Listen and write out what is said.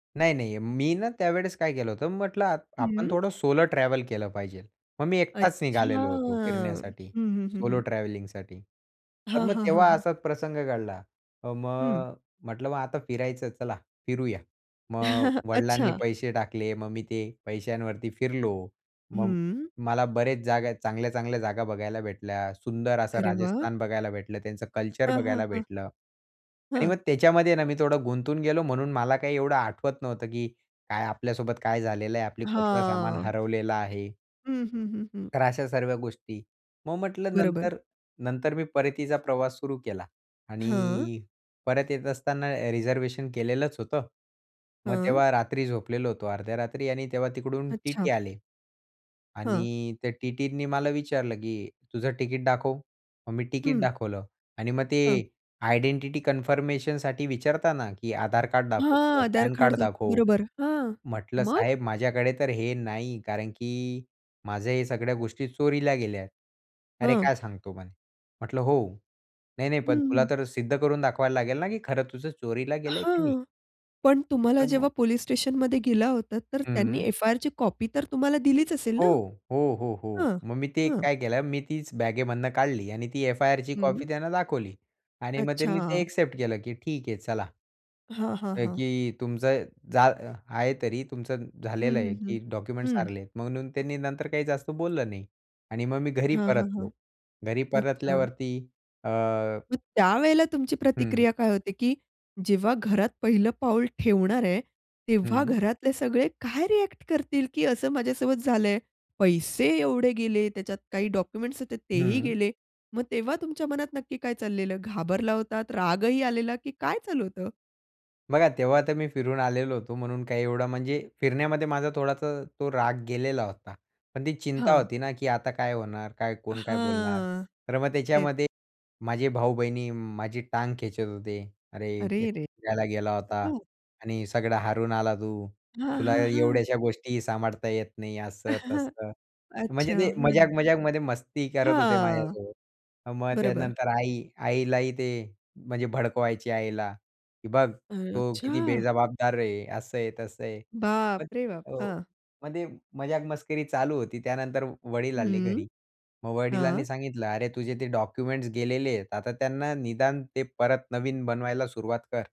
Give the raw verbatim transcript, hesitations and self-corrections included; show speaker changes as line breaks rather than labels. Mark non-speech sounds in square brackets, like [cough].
नाही, नाही. मी ना त्यावेळेस काय केलं होतं, म्हटलं आ आपण
हं.
थोडं सोलो ट्रॅव्हल केलं पाहिजेल. मग मी एकटाच
अच्छा.
निघालेलो होतो
हं,
फिरण्यासाठी
हं, हं,
सोलो
हं.
ट्रॅव्हलिंगसाठी. तर
हां,
मग
हां, हां,
तेव्हा
हां.
असाच प्रसंग घडला. अ,
हं.
मग म्हटलं मग आता फिरायचं, चला फिरूया. मग
[chuckles]
वडिलांनी
अच्छा.
पैसे टाकले, मग मी ते पैशांवरती फिरलो. मग
हं.
मला बरेच जागा, चांगल्या-चांगल्या जागा बघायला भेटल्या. सुंदर असं
अरे वाह!
राजस्थान बघायला भेटलं. त्यांचं कल्चर
हां, हां,
बघायला
हां.
भेटलं आणि
हं.
मग त्याच्यामध्ये मी थोडं गुंतून गेलो म्हणून मला काही एवढं आठवत नव्हतं, की काय आपल्यासोबत काय झालेलं आहे, आपलं कुठलं सामान
हां.
हरवलेलं आहे.
हं, हं, हं, हं.
तर अशा सर्व्या गोष्टी. मग म्हटलं
बरोबर.
नंतर नंतर मी परतीचा प्रवास सुरू केला.
हां.
आणि परत येत असताना रिझर्व्हेशन केलेलंच होतं. मग
हं.
तेव्हा रात्री झोपलेलो होतो. अर्ध्या रात्री, आणि तेव्हा तिकडून टीटी
अच्छा.
आले.
हां.
आणि त्या टीटींनी मला विचारलं, की तुझं तिकीट दाखव. मग मी तिकीट
हं.
दाखवलं. आणि मग
हां.
ते आयडेंटिटी कन्फर्मेशनसाठी विचारताना, की आधार कार्ड दाखव, तुझं
हां, आधार
पॅन
कार्ड
कार्ड
दाखव
दाखव.
बरोबर. हां,
म्हटलं,
मग?
साहेब माझ्याकडे तर हे नाही कारण, की माझ्या हे सगळ्या गोष्टी चोरीला गेल्या. अरे,
हां.
काय सांगतो म्हणे. म्हटलं, हो. नाही, नाही, पण
हं,
तुला
हं.
तर सिद्ध करून दाखवायला लागेल ना, की खरं तुझं चोरीला गेलंय की नाही?
हां, पण तुम्हाला जेव्हा
[unintelligible]
पोलिस स्टेशनमध्ये गेला होतात, तर त्यांनी
हं.
एफ-आय-आरची कॉपी तर तुम्हाला दिलीच असेल
हो.
ना?
हो, हो, हो.
हां,
मग मी ते
हं.
काय केलं, मी तीच बॅगेमधनं काढली आणि ती एफ-आय-आरची कॉपी
हं.
त्यांना दाखवली. आणि मग त्यांनी ते
अच्छा.
एक्सेप्ट केलं, की ठीक आहे, चला.
हां, हां,
अ,
हां.
की तुमचं जा आहे तरी तुमचं
हं,
झालेलं आहे,
हं, हं.
की डॉक्युमेंट्स
हं.
सारले आहेत, म्हणून त्यांनी नंतर काही जास्त बोललं नाही. आणि मग मी घरी
हां, हां,
परतलो. घरी
हां.अच्छा.
परतल्यावरती अ
मग त्यावेळेला तुमची
हं.
प्रतिक्रिया काय होती, की जेव्हा घरात पहिलं पाऊल ठेवणार आहे, तेव्हा
हं.
घरातले सगळे काय रिॲक्ट करतील, की असं माझ्यासोबत झालंय, पैसे एवढे गेले. त्याच्यात काही डॉक्युमेंट्स होते तेही
हं.
गेले. मग तेव्हा तुमच्या मनात नक्की काय चाललेलं? घाबरला होतात. रागही आलेला, की काय चालू होतं?
बघा तेव्हा तर मी फिरून आलेलो होतो, म्हणून काही एवढं म्हणजे फिरण्यामध्ये माझा थोडासा तो राग गेलेला होता, पण ती चिंता
हां.
होती ना, की आता काय होणार? काय कोण काय बोलणार?
हां.
तर मग
तेच.
त्याच्यामध्ये माझे भाऊ-बहीणी माझी टांग खेचत होते. अरे, एकटा
अरेरेरे!
फिरायला गेला होता
हां.
आणि सगळं हारून आला तू.
हां,
तुला
हां, हां.
एवढ्याशा गोष्टीही सांभाळता येत नाही, असं,
[chuckles]
तसं. म्हणजे
अच्छा,
ते
हं.
मजाक मजाकमध्ये मस्ती करत होते
हां.
माझ्यासोबत. मग
बरोबर.
त्यानंतर आई, आईलाही ते म्हणजे भडकवायची आईला, की बघ
[unintelligible]
तो किती
अच्छा.
बेजबाबदार आहे. असं आहे, तसं आहे. मग
बापरे, बाप!
हो,
हां.
म्हणजे मजाक मस्करी चालू होती. त्यानंतर वडील आले
हं.
घरी. मग
हां.
वडिलांनी सांगितलं, अरे तुझे ते डॉक्युमेंट्स गेलेले आहेत, आता त्यांना निदान ते परत नवीन बनवायला सुरुवात कर.